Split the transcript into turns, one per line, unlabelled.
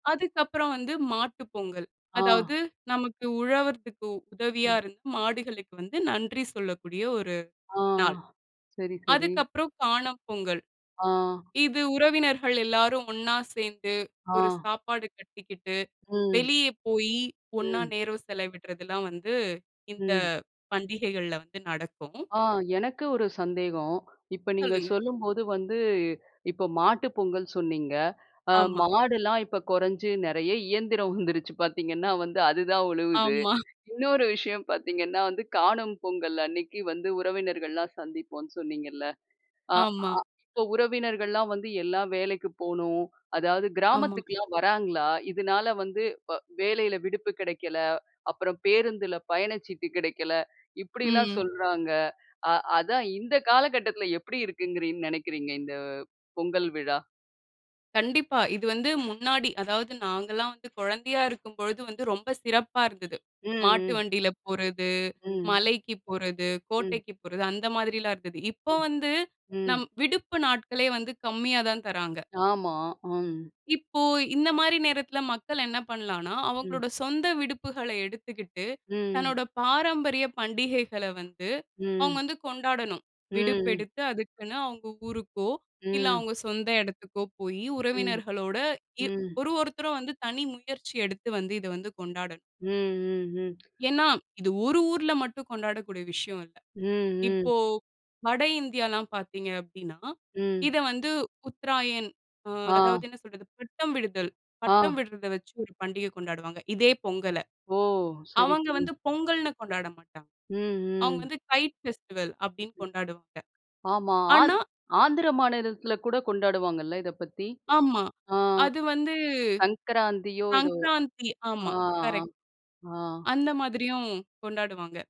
அதுக்கப்பறம் வந்து மாட்டு பொங்கல்.
ஆ.
அதாவது நமக்கு உழவர்தக்கு உதவியா
ம்.
இருந்த மாடுகளுக்கு வந்து நன்றி சொல்லக்கூடிய ஒரு
ஆ.
நாள்.
சரி, சரி.
அதுக்கப்பறம் காணும் பொங்கல்.
ஆ.
இது உறவினர்கள் எல்லாரும் ஒண்ணா சேர்ந்து ஒரு
ஆ.
சாப்பாடு கட்டிக்கிட்டு
ம்.
வெளிய போயி, ஒண்ணா
ம்.
நேரம் செலவிடுறதெல்லாம் வந்து இந்த
ம்.
பண்டிகைகள்ல வந்து நடக்கும்.
ஆ எனக்கு ஒரு சந்தேகம். இப்ப நீங்க
சொல்லுங்க.
சொல்லும்போது வந்து, இப்ப மாட்டு பொங்கல் சொன்னீங்க. அ
ஆமா.
மாடுலாம் இப்ப குறைஞ்சு, நெறைய இயந்திரம் வந்துருச்சு பார்த்தீங்கன்னா வந்து, அதுதான் உழுவுது.
ஆமா.
இன்னொரு விஷயம் பார்த்தீங்கன்னா வந்து, காணும் பொங்கல் அன்னைக்கு வந்து உறவினர்கள்லாம் சந்திப்போம்ன்னு சொன்னீங்கல்ல. அ
ஆமா.
அ இப்ப உறவினர்கள்ல்லாம் வந்து, எல்லாம் வேலைக்கு போகணும். அதாவது
ஆமா.
கிராமத்துக்குலாம் வராங்களா? இதனால வந்து வ வேலையில விடுப்பு கெடைக்கல. அப்பறம் பேருந்துல பயண சீட்டு கிடைக்கல. இப்படில்லாம்
ம்.
சொல்றாங்க. அ அதான் இந்த காலகட்டத்துல எப்படி இருக்குன்னுங் நெனைக்கிறீங்க, இந்த பொங்கல் விழா?
கண்டிப்பா. இது வந்து முன்னாடி அதாவது நாங்கல்லாம் வந்து குழந்தையா இருக்கும் பொழுது வந்து ரொம்ப சிறப்பா இருந்தது. மாட்டு
ம். ம்.
வண்டியில போறது,
ம்.
மலைக்கு போறது,
ம்.
கோட்டைக்கு போறது அந்த மாதிரில்லாம் இருந்தது. இப்ப
ம்.
வந்து, நம்
ம்.
விடுப்பு நாட்களே வந்து கம்மியா தான் தர்றாங்க.
ஆமா. ம்.
இப்போ இந்த மாரி நேரத்தில மக்கள் என்ன பண்ணலாம்ன்னா,
ம்.
அவங்களோட சொந்த விடுப்புகளை எடுத்துகிட்டு
ம்.
தன்னோட பாரம்பரிய பண்டிகைகள வந்து அவங்க
ம்.
வந்து கொண்டாடணும்.
ம்.
விடுப்பெடுத்து அதுக்குன்னு அவங்க ஊருக்கோ, இல்லை
ம்.
அவங்க சொந்த இடத்துக்கோ போயி
ம்.
உறவினர்களோட இ
ம்.
ஒரு ஒருத்தரும் வந்து தனி முயற்சி எடுத்து வந்து இத வந்து கொண்டாடணும்.
ம். ம். ம்.
ஏன்னா இது ஒரு ஊர்ல மட்டும் கொண்டாடக்கூடிய விஷயம் இல்ல.
ம். ம்.
இப்போ, வட இந்தியால்லாம் பார்த்தீங்க அப்படீன்னா,
ம்.
இத வந்து உத்தராயண் அ
ஆ.
அதாவது என்ன சொல்றது? பட்டம் விடுதல்,
ஆ.
பட்டம் விடுறத வச்சு ஒரு பண்டிகை கொண்டாடுவாங்க, இதே பொங்கல.
ஓ! சரி,
அவங்க
சரி.
வந்து பொங்கல்ன்னு கொண்டாட மாட்டாங்க.
ம்.
அவங்க
ம்.
வந்து கைட் ஃபெஸ்டிவல் அப்படீன்னு கொண்டாடுவாங்க.
ஆமா. ஆந்
ஆனா
ஆந்திர மாநிலத்தில கூட கொண்டாடுவாங்கல்ல இதை பத்தி.
ஆமா.
ஆ
அது வந்து
சங்கராந்தியோ எதோ?
சங்கராந்தி.
ஆ,
ஆமா கரெக்ட்.
ஆ. ஆ.
அந்த மாதிரியும் கொண்டாடுவாங்க.